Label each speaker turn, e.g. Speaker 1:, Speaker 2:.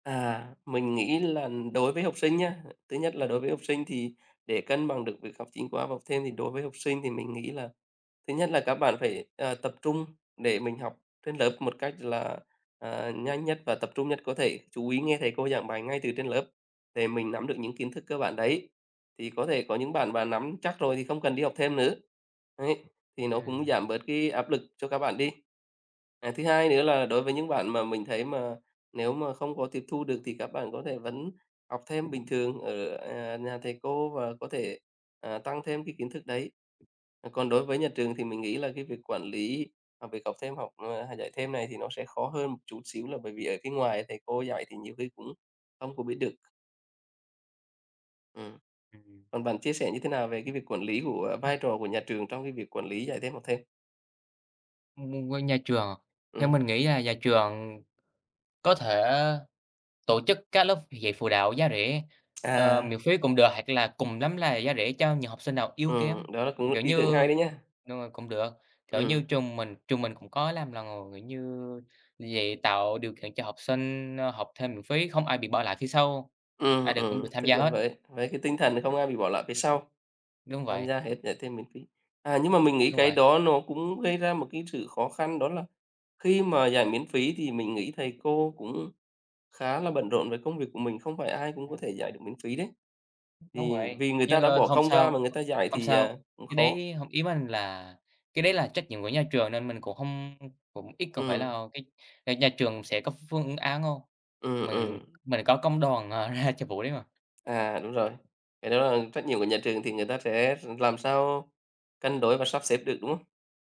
Speaker 1: À, mình nghĩ là đối với học sinh nhá, thứ nhất là đối với học sinh thì để cân bằng được việc học chính khóa và học thêm thì đối với học sinh thì mình nghĩ là thứ nhất là các bạn phải, ờ, tập trung để mình học trên lớp một cách là, à, nhanh nhất và tập trung nhất có thể, chú ý nghe thầy cô giảng bài ngay từ trên lớp để mình nắm được những kiến thức cơ bản đấy, thì có thể có những bạn mà nắm chắc rồi thì không cần đi học thêm nữa, ấy, thì nó cũng
Speaker 2: Ừm.
Speaker 1: giảm bớt cái áp lực cho các bạn đi. À, thứ hai nữa là đối với những bạn mà mình thấy mà nếu mà không có tiếp thu được thì các bạn có thể vẫn học thêm bình thường ở, à, nhà thầy cô và có thể, ờ, tăng thêm cái kiến thức đấy. Còn đối với nhà trường thì mình nghĩ là cái việc quản lý học việc học thêm học hay dạy thêm này thì nó sẽ khó hơn một chút xíu là bởi vì ở cái ngoài thầy cô dạy thì nhiều khi cũng không có biết được. Ừm.
Speaker 2: Ừm.
Speaker 1: Còn bạn chia sẻ như thế nào về cái việc quản lý của vai trò của nhà trường trong cái việc quản lý dạy, thêm học thêm?
Speaker 2: [unintelligible] của nhà trường. Theo
Speaker 1: Ừm.
Speaker 2: mình nghĩ là nhà trường có thể tổ chức các lớp dạy phụ đạo giá rẻ, ờ,
Speaker 1: À.
Speaker 2: miễn phí cũng được, hoặc là cùng lắm là giá rẻ cho nhiều học sinh nào yếu
Speaker 1: Ừm,
Speaker 2: kém,
Speaker 1: đó là cũng một
Speaker 2: kiểu
Speaker 1: ý tưởng hay
Speaker 2: như
Speaker 1: đấy nhá.
Speaker 2: đúng rồi, cũng được, kiểu như
Speaker 1: Ừm.
Speaker 2: trường mình trường mình cũng có làm lần rồi, kiểu như dạy, tạo điều kiện cho học sinh, ờ, học thêm miễn phí, không ai bị bỏ lại phía sau, ai
Speaker 1: Ừm,
Speaker 2: đều cũng
Speaker 1: ừm,
Speaker 2: được tham
Speaker 1: tức
Speaker 2: gia
Speaker 1: là
Speaker 2: hết.
Speaker 1: với với cái tinh thần không ai bị bỏ lại phía sau,
Speaker 2: Đúng
Speaker 1: tham
Speaker 2: vậy.
Speaker 1: gia hết, dạy thêm miễn phí. À, nhưng mà mình nghĩ
Speaker 2: Đúng
Speaker 1: cái
Speaker 2: vậy.
Speaker 1: đó nó cũng gây ra một cái sự khó khăn đó là khi mà dạy miễn phí thì mình nghĩ thầy cô cũng khá là bận rộn với công việc của mình, không phải ai cũng có
Speaker 2: Ừm.
Speaker 1: thể dạy được miễn phí đấy.
Speaker 2: Đúng
Speaker 1: Thì
Speaker 2: vậy,
Speaker 1: vì người ta
Speaker 2: nhưng
Speaker 1: đã bỏ
Speaker 2: không
Speaker 1: công ra mà
Speaker 2: sao,
Speaker 1: người ta dạy
Speaker 2: không
Speaker 1: thì,
Speaker 2: sao,
Speaker 1: à, cũng
Speaker 2: cái
Speaker 1: khó.
Speaker 2: đấy hông, ý mình là cái đấy là trách nhiệm của nhà trường nên mình cũng hông, cũng ít không phải
Speaker 1: Ừm.
Speaker 2: là cái nhà trường sẽ có phương án hông?
Speaker 1: Ừm,
Speaker 2: Mình
Speaker 1: ừm.
Speaker 2: mình có công đoàn, ờ, ra cho vụ đấy mà.
Speaker 1: À, đúng rồi, cái đó là trách nhiệm của nhà trường thì người ta sẽ làm sao cân đối và sắp xếp được, đúng không?